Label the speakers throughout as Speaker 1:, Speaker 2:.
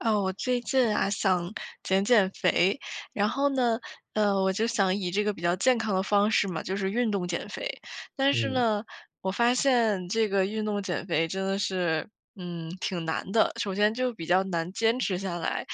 Speaker 1: 啊，我最近啊，想减减肥，然后呢，呃，我就想以这个比较健康的方式嘛，就是运动减肥。但是
Speaker 2: 嗯。
Speaker 1: 呢，我发现这个运动减肥真的是，嗯，挺难的。首先就比较难坚持下来，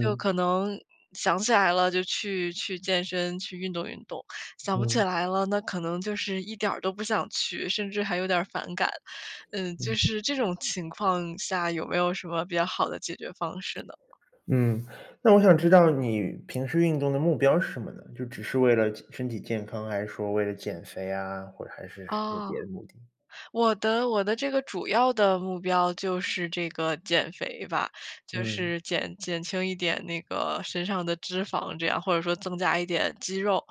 Speaker 1: 就可能想起来了就去去健身去运动运动，想不起
Speaker 2: 嗯。
Speaker 1: 来了，那可能就是一点儿都不想去，甚至还有点儿反感。嗯，就
Speaker 2: 嗯。
Speaker 1: 是这种情况下，有没有什么比较好的解决方式呢？
Speaker 2: 嗯，那我想知道你平时运动的目标是什么呢？就只是为了身体健康，还是说为了减肥啊，或者还是有
Speaker 1: 啊。
Speaker 2: 别的目的？
Speaker 1: 我的我的这个主要的目标就是这个减肥吧，就
Speaker 2: 嗯。
Speaker 1: 是减减轻一点那个身上的脂肪这样，或者说增加一点肌肉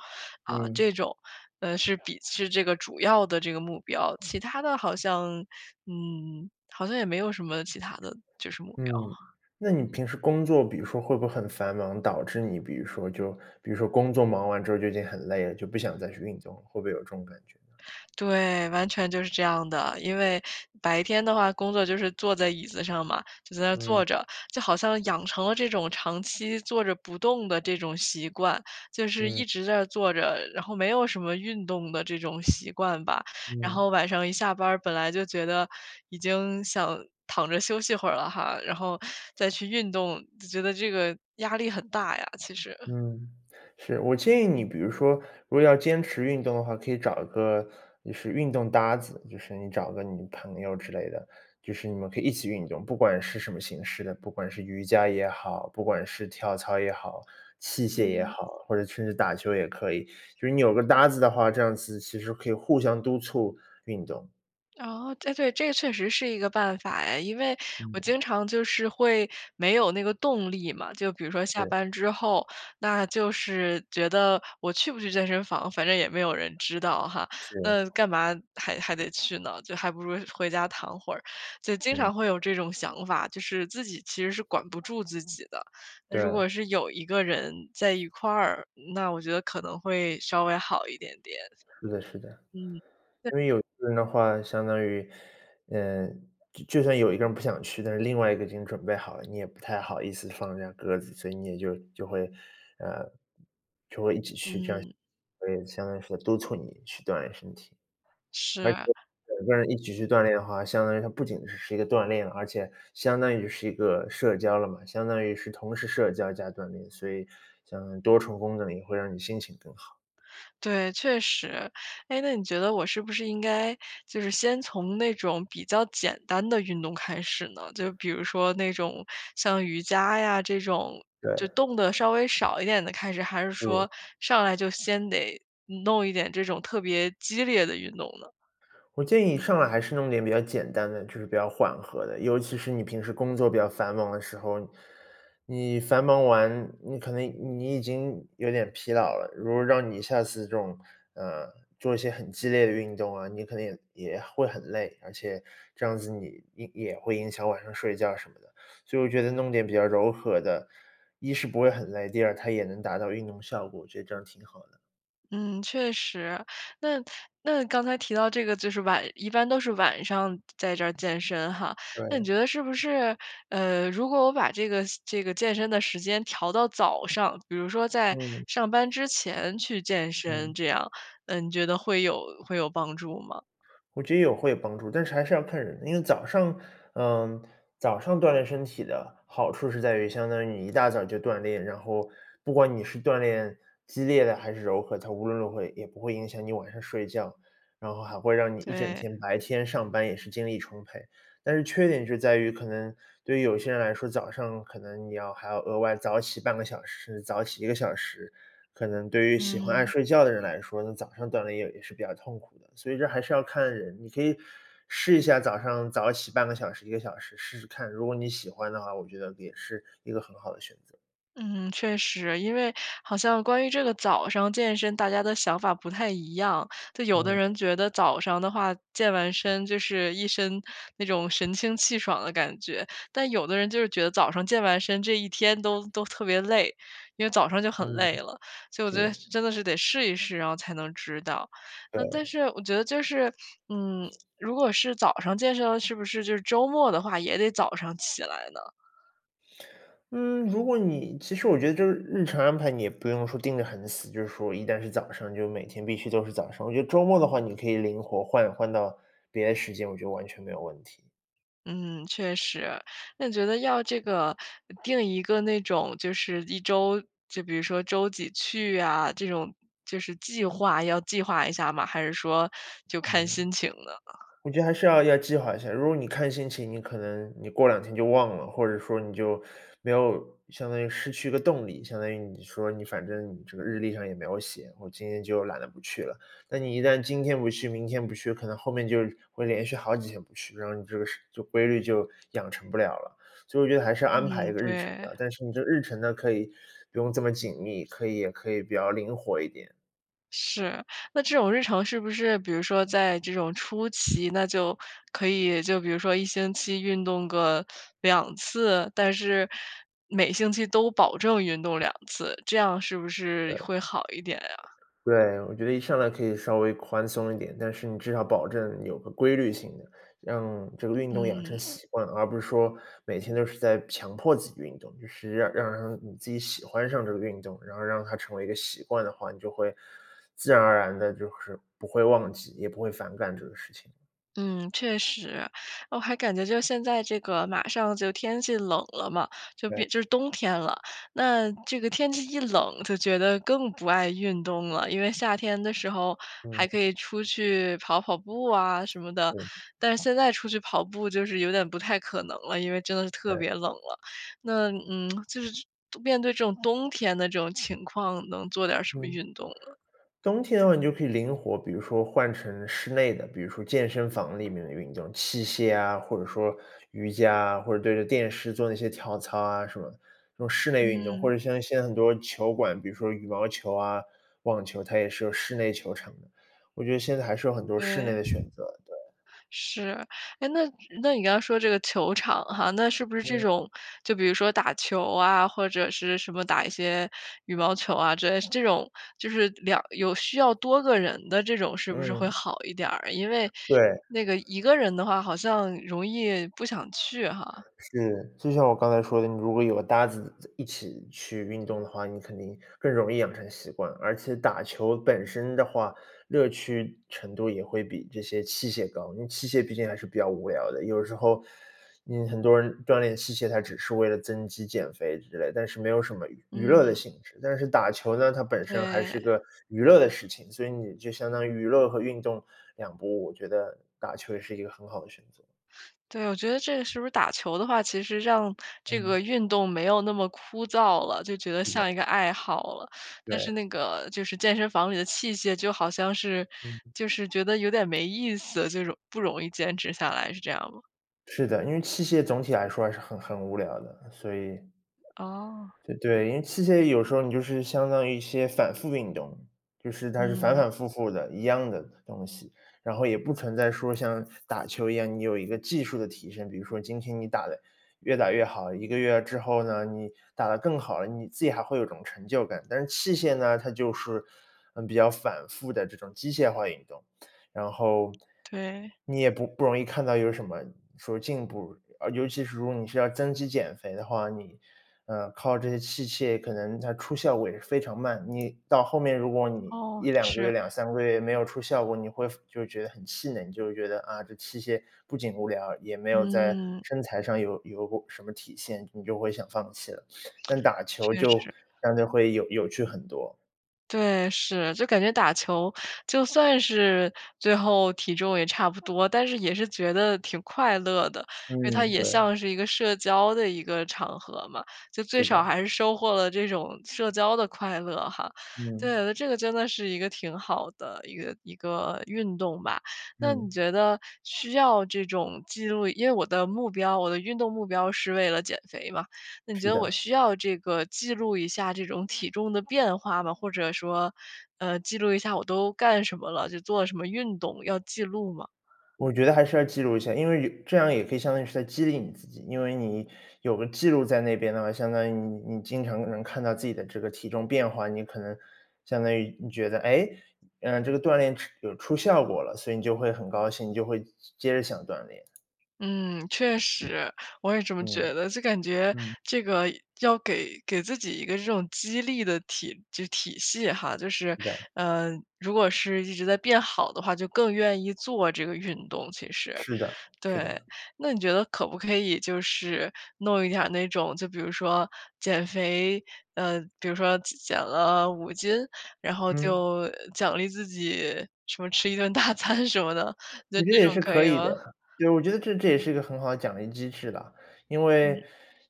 Speaker 1: 啊，
Speaker 2: 嗯。
Speaker 1: 这种，呃，是比是这个主要的这个目标。其它的好像，嗯，好像也没有什么其它的就是目
Speaker 2: 嗯，
Speaker 1: 标。
Speaker 2: 那你平时工作比如说会不会很繁忙，导致你比如说就比如说工作忙完之后就已经很累了，就不想再去运动了，会不会有这种感觉呢？
Speaker 1: 对，完全就是这样的。因为白天的话工作就是坐在椅子上嘛，就在那
Speaker 2: 嗯。
Speaker 1: 坐着，就好像养成了这种长期坐着不动的这种习惯，就是
Speaker 2: 嗯。
Speaker 1: 一直在坐着，然后没有什么运动的这种习惯吧。然后
Speaker 2: 嗯。
Speaker 1: 晚上一下班儿本来就觉得已经想躺着休息会儿了哈，然后再去运动，就觉得这个压力很大呀，其实。
Speaker 2: 嗯，是，我建议你比如说，如果要坚持运动的话，可以找一个就是运动搭子，就是你找一个你朋友之类的，就是你们可以一起运动。不管是什么形式的，不管是瑜伽也好，不管是跳操也好，器械也
Speaker 1: 嗯。
Speaker 2: 好，或者甚至打球也可以。就是你有个搭子的话，这样子其实可以互相督促运动。
Speaker 1: 哦，对对，这确实是一个办法哎，因为我
Speaker 2: 嗯。
Speaker 1: 经常就是会没有那个动力嘛，就比如说下
Speaker 2: 是。
Speaker 1: 班之后，那就是觉得，“我去不去健身房，反正也没有人知道哈，
Speaker 2: 是。
Speaker 1: 那干嘛还还得去呢，就还不如回家躺会儿。”就经
Speaker 2: 嗯。
Speaker 1: 常会有这种想法，就是自己其实是管不住自己的。那如果
Speaker 2: 对。
Speaker 1: 是有一个人在一块儿，那我觉得可能会稍微好一点点。
Speaker 2: 是的是的。
Speaker 1: 嗯。
Speaker 2: 因为有一个人的话，相当于，呃，就就算有一个人不想去，但是另外一个已经准备好了，你也不太好意思放人家鸽子，所以你也就就会，呃，
Speaker 1: 嗯。
Speaker 2: 就会一起去，这样所以相当于说督促你去锻炼身体。而且
Speaker 1: 是。
Speaker 2: 两个人一起去锻炼的话，相当于它不仅是一个锻炼，而且相当于是一个社交了嘛，相当于是同时社交加锻炼，所以相当于多重功能，也会让你心情更好。
Speaker 1: 对，确实。诶，那你觉得我是不是应该就是先从那种比较简单的运动开始呢？就比如说那种像瑜伽呀这种，就
Speaker 2: 对。
Speaker 1: 动得稍微少一点的开始，还是
Speaker 2: 嗯。
Speaker 1: 说上来就先得弄一点这种特别激烈的运动呢？
Speaker 2: 我建议你上来还是弄点比较简单的，就是比较缓和的，尤其是你平时工作比较繁忙的时候。你繁忙完，你可能你已经有点疲劳了，如果让你下次这种，呃，做一些很激烈的运动啊，你可能也也会很累，而且这样子你也也会影响晚上睡觉什么的。所以我觉得弄点比较柔和的，一是不会很累，第二，它也能达到运动效果，我觉得这样挺好的。
Speaker 1: 嗯，确实，那那刚才提到这个就是晚一般都是晚上在这儿健身哈。那你
Speaker 2: 对。
Speaker 1: 觉得是不是，呃，如果我把这个这个健身的时间调到早上，比如说在
Speaker 2: 嗯。
Speaker 1: 上班之前去健身
Speaker 2: 嗯。
Speaker 1: 这样，呃，你觉得会有会有帮助吗？
Speaker 2: 我觉得也会有帮助，但是还是要看人。因为早上呃，早上锻炼身体的好处是在于相当于你一大早就锻炼，然后不管你是锻炼激烈的，还是柔和，它无论如何也也不会影响你晚上睡觉。然后还会让你一整
Speaker 1: 对。
Speaker 2: 天，白天上班也是精力充沛，但是缺点是在于可能对有些人来说，早上可能你要还要额外早起半个小时，早起1个小时，可能对于喜欢爱
Speaker 1: 嗯。
Speaker 2: 睡觉的人来说，那早上锻炼也也是比较痛苦的。所以这还是要看人，你可以试一下早上早起半个小时，1个小时试试看，如果你喜欢的话，我觉得也是一个很好的选择。
Speaker 1: 嗯，确实，因为好像关于这个早上健身，大家的想法不太一样，就有的
Speaker 2: 嗯。
Speaker 1: 人觉得早上的话，健完身就是一身那种神清气爽的感觉，但有的人就是觉得早上健完身这一天都都特别累，因为早上就很
Speaker 2: 嗯，
Speaker 1: 累了，所以我觉得
Speaker 2: 对。
Speaker 1: 真的是得试一试，然后才能知道。但
Speaker 2: 对。
Speaker 1: 是我觉得就是，嗯，如果是早上健身是不是就是周末的话也得早上起来呢？
Speaker 2: 嗯，如果你其实我觉得就是日程安排，你也不用说定得很死，就是说一旦是早上，就每天必须都是早上，我觉得周末的话，你可以灵活换换到别的时间，我觉得完全没有问题。
Speaker 1: 嗯，确实。那你觉得要这个定一个那种就是一周就比如说周几去呀，这种就是计划，要计划一下吗，还是说就
Speaker 2: 嗯，
Speaker 1: 看心情呢？
Speaker 2: 我觉得还是要要计划一下，如果你看心情，你可能你过两天就忘了，或者说你就没有，相当于失去一个动力，相当于你说你反正这个日历上也没有写，我今天就懒得不去了。那你一旦今天不去，明天不去，可能后面就会连续好几天不去，然后你这个事规律就养成不了了。所以我觉得还是要安排
Speaker 1: 嗯，
Speaker 2: 一个日程
Speaker 1: 对。
Speaker 2: 的，但是你这日程呢，可以不用这么紧密，可以也可以比较灵活一点。
Speaker 1: 是。那这种日常是不是比如说在这种初期，那就可以就比如说1星期运动个2次，但是每星期都保证运动2次。这样是不是
Speaker 2: 对。
Speaker 1: 会好一点呀？
Speaker 2: 对，我觉得一上来可以稍微宽松一点，但是你至少保证有个规律性的，让这个运动养成
Speaker 1: 嗯。
Speaker 2: 习惯。而不是说每天都是在强迫自己运动，就是要让让你自己喜欢上这个运动，然后让它成为一个习惯的话，你就会自然而然地就是不会忘记，也不会反感这个事情。
Speaker 1: 嗯，确实，我还感觉就现在这个马上就天气冷了嘛，就
Speaker 2: 对。
Speaker 1: 比就冬天了，那这个天气一冷就觉得更不爱运动了。因为夏天的时候，还
Speaker 2: 嗯。
Speaker 1: 可以出去跑跑步啊什么的，
Speaker 2: 嗯。
Speaker 1: 但现在出去跑步就是有点不太可能了，因为真的是特别
Speaker 2: 呃。
Speaker 1: 冷了。那，嗯，就是面对这种冬天的这种情况能做点儿什么
Speaker 2: 嗯。
Speaker 1: 运动呢？
Speaker 2: 冬天的话，你就可以灵活，比如说换成室内的，比如说健身房里面的运动，器械啊、或者说瑜伽啊，或者对着电视做那些跳操啊什么的，这种室内运动。或
Speaker 1: 嗯。
Speaker 2: 者像现在很多球馆，比如说羽毛球啊、网球，它也是有室内球场的。我觉得现在还是有很多室内
Speaker 1: 对。
Speaker 2: 的选择，对。
Speaker 1: 是，诶，那那你刚说这个球场哈，那是不是这
Speaker 2: 嗯。
Speaker 1: 种，就比如说打球啊，或者是什么打一些羽毛球啊，这种就是两有需要多个人的这种是不是
Speaker 2: 嗯。
Speaker 1: 会好一点儿，因为
Speaker 2: 对。
Speaker 1: 那个一个人的话好像容易不想去哈。
Speaker 2: 是，就像我刚才说的，你如果有个搭子一起去运动的话，你肯定更容易养成习惯，而且打球本身的话，乐趣程度也会比这些器械高。因为器械毕竟还是比较无聊的。有时候，你很多人锻炼器械，他只是为了增肌减肥之类，但是没有什么娱
Speaker 1: 嗯。
Speaker 2: 乐的性质，但是打球呢，它本身还
Speaker 1: 对。
Speaker 2: 是个娱乐的事情，所以你就相当于娱乐和运动两不误。我觉得打球也是一个很好的选择。
Speaker 1: 对，我觉得这是不是打球的话，其实让这个
Speaker 2: 嗯。
Speaker 1: 运动没有那么枯燥了，就觉得
Speaker 2: 是的。
Speaker 1: 像一个爱好了，但是
Speaker 2: 对。
Speaker 1: 那个就是健身房里的器械就好像是
Speaker 2: 嗯。
Speaker 1: 就是觉得有点没意思，这种不容易坚持下来，是这样吗？
Speaker 2: 是的，因为器械总体来说还是很很无聊的，所以
Speaker 1: 哦。
Speaker 2: 对对，因为器械有时候你就是相当于一些反复运动，就是它是反
Speaker 1: 嗯。
Speaker 2: 反复复的，一样的东西，然后也不存在说像打球一样，你有一个技术的提升，比如说今天你打得越打越好，1个月之后呢，你打得更好了，你自己还会有一种成就感。但是器械呢，它就是，嗯，比较反复的这种机械化运动，然后，
Speaker 1: 对。
Speaker 2: 你也不不容易看到有什么说进步，尤其是如果你是要增肌减肥的话，你，呃，靠这些器械可能它出效果也是非常慢。你到后面，如果你
Speaker 1: 哦，
Speaker 2: 1、2个月，
Speaker 1: 是。
Speaker 2: 2、3个月没有出效果，你会服就觉得很气馁，你就觉得，啊，这器械不仅无聊，也没有在
Speaker 1: 嗯。
Speaker 2: 身材上有有过什么体现，你就会想放弃了，但打球
Speaker 1: 确
Speaker 2: 就
Speaker 1: 实。
Speaker 2: 相对会有有趣很多。
Speaker 1: 对，是，就感觉打球就算是最后体重也差不多，但是也是觉得挺快乐的。因为它
Speaker 2: 嗯，
Speaker 1: 也
Speaker 2: 对。
Speaker 1: 像是一个社交的一个场合嘛，就最
Speaker 2: 是
Speaker 1: 少
Speaker 2: 的。
Speaker 1: 还是收获了这种社交的快乐哈。
Speaker 2: 嗯。
Speaker 1: 对，这个真的是一个挺好的一个一个运动吧。那你
Speaker 2: 嗯。
Speaker 1: 觉得需要这种记录因为我的目标我的运动目标是为了减肥嘛，那你觉
Speaker 2: 是
Speaker 1: 得我
Speaker 2: 的。
Speaker 1: 需要这个记录一下这种体重的变化吗？或者说，呃，记录一下我都干什么了，就做了什么运动，要记录吗？
Speaker 2: 我觉得还是要记录一下，因为以这样也可以相当于是在激励你自己。因为你有个记录在那边的话，相当于你你经常能看到自己的这个体重变化，你可能相当于你觉得，诶？呃，这个锻炼出有出效果了，所以你就会很高兴，就会接着想锻炼。
Speaker 1: 嗯，确实，我也这么
Speaker 2: 嗯，
Speaker 1: 觉得，就感觉
Speaker 2: 嗯。
Speaker 1: 这个要给给自己一个这种激励的体就体系哈，就是
Speaker 2: 是的。
Speaker 1: 呃，如果是一直在变好的话，就更愿意做这个运动，其实。
Speaker 2: 是的是
Speaker 1: 对，
Speaker 2: 的。
Speaker 1: 那你觉得可不可以就是弄一点儿那种，就比如说减肥，呃，比如说减减了5斤？然后
Speaker 2: 嗯。
Speaker 1: 就奖励自己什么吃一顿大餐什么的，你觉
Speaker 2: 我
Speaker 1: 得
Speaker 2: 觉
Speaker 1: 这
Speaker 2: 得也
Speaker 1: 种
Speaker 2: 是
Speaker 1: 可
Speaker 2: 可
Speaker 1: 以
Speaker 2: 以的
Speaker 1: 吗？
Speaker 2: 呀，对，我觉得这这也是一个很好的奖励机制了。因为
Speaker 1: 嗯。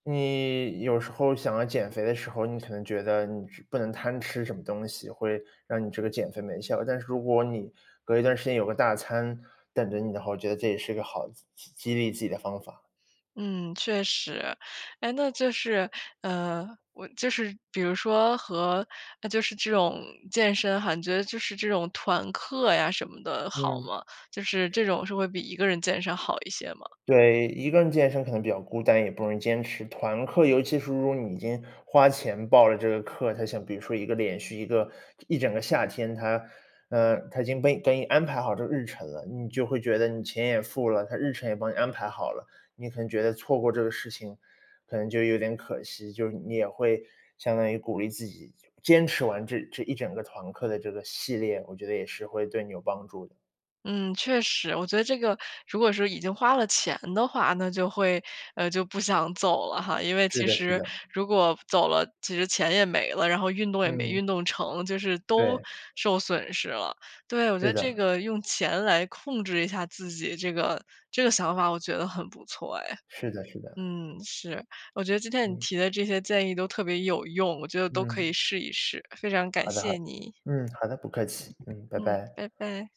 Speaker 2: 你有时候想要减肥的时候，你可能觉得你是不能贪吃什么东西，会让你这个减肥没效。但是如果你隔一段时间有个大餐等着你的话，我觉得这也是一个好激激激励自己的方法。
Speaker 1: 嗯，确实。哎，那就是，呃我就是比如说和呃，就是这种健身哈，你觉得就是这种团课呀什么的好
Speaker 2: 嗯。
Speaker 1: 吗？就是这种是会比一个人健身好一些吗？
Speaker 2: 对，一个人健身可能比较孤单，也不容易坚持。团课，尤其是如果你已经花钱报了这个课，它像比如说一个连续一个一整个夏天，它，呃，它已经被给你安排好这个日程了，你就会觉得你钱也付了，它日程也帮你安排好了，你可能觉得错过这个事情，可能就有点可惜。就是你也会相当于鼓励自己坚持完这这一整个团课的这个系列，我觉得也是会对你有帮助的。
Speaker 1: 嗯，确实。我觉得这个如果是已经花了钱的话，那就会就不想走了哈。因为
Speaker 2: 是
Speaker 1: 其
Speaker 2: 的是
Speaker 1: 实
Speaker 2: 的。
Speaker 1: 如果走了，其实钱也没了，然后运动也没
Speaker 2: 嗯。
Speaker 1: 运动成，就是都
Speaker 2: 对。
Speaker 1: 受损失了。对，我觉
Speaker 2: 是
Speaker 1: 得这
Speaker 2: 的。
Speaker 1: 个用钱来控制一下自己这个这个想法我觉得很不错哎。
Speaker 2: 是的是的。
Speaker 1: 嗯，是，我觉得今天你
Speaker 2: 嗯。
Speaker 1: 提的这些建议都特别有用，我觉得都可以
Speaker 2: 嗯。
Speaker 1: 试一试，非常感
Speaker 2: 好的好
Speaker 1: 谢
Speaker 2: 的，
Speaker 1: 你。
Speaker 2: 嗯，好的，不客气，嗯，拜
Speaker 1: 嗯，
Speaker 2: 拜。
Speaker 1: 拜拜。